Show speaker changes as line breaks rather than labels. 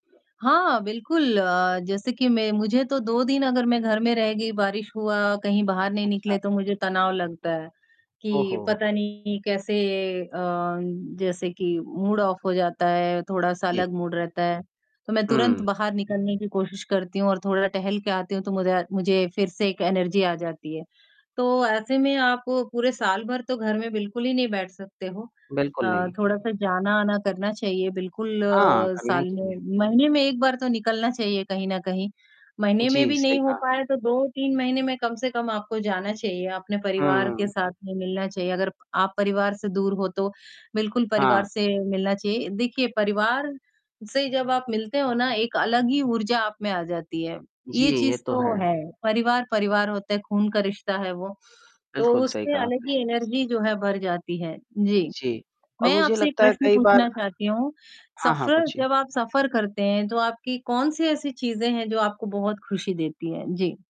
हाँ, बिल्कुल, अ, जैसे कि मैं मुझे तो 2 दिन अगर मैं घर में रह गई, बारिश हुआ, कहीं बाहर नहीं
अच्छा।
निकले, तो मुझे तनाव लगता है,
ओह
कि
हो!
पता नहीं कैसे अ, जैसे कि मूड ऑफ़ हो जाता है, थोड़ा-सा
जी।
अलग मूड रहता है। तो मैं तुरंत
हुँ।
बाहर निकलने की कोशिश करती हूँ और थोड़ा टहल के आती हूँ, तो मुझा मुझे फिर से एक एनर्जी आ जाती है। तो ऐसे में आप पूरे साल भर तो घर में बिल्कुल ही नहीं बैठ सकते हो।
बिल्कुल
अ,
नहीं।
थोड़ा-सा जाना-आना करना चाहिए, बिल्कुल
हाँ, करना ही
साल
चाहिए।
में महीने में एक बार तो निकलना चाहिए, कहीं न कहीं। महीने में
जी,
भी
सही
नहीं हो
कहा।
पाया, तो 2-3 महीने में कम से कम आपको जाना चाहिए, अपने परिवार के
हुँ।
साथ में मिलना चाहिए, अगर आप परिवार से दूर हो, तो बिल्कुल परिवार
हाँ।
से मिलना चाहिए। देखिए, परिवार से जब आप मिलते हो ना, एक अलग ही ऊर्जा आप में आ जाती है,
जी,
ये
ये
चीज़
तो
तो
है।
है। परिवार, परिवार होता है, खून का रिश्ता है वो। तो
बिल्कुल सही
उसमें
कहा
अलग
आपने।
ही एनर्जी, जो है, भर जाती है, जी।
जी, और
मैं
मुझे
आपसे ये
लगता है,
प्रश्न
कई बार
पूछना चाहती हूँ,
हाँ, हाँ,
सफर
पूछिए।
जब आप सफर करते हैं, तो आपकी कौन-सी ऐसी चीज़ें हैं, जो आपको बहुत खुशी देती हैं? जी।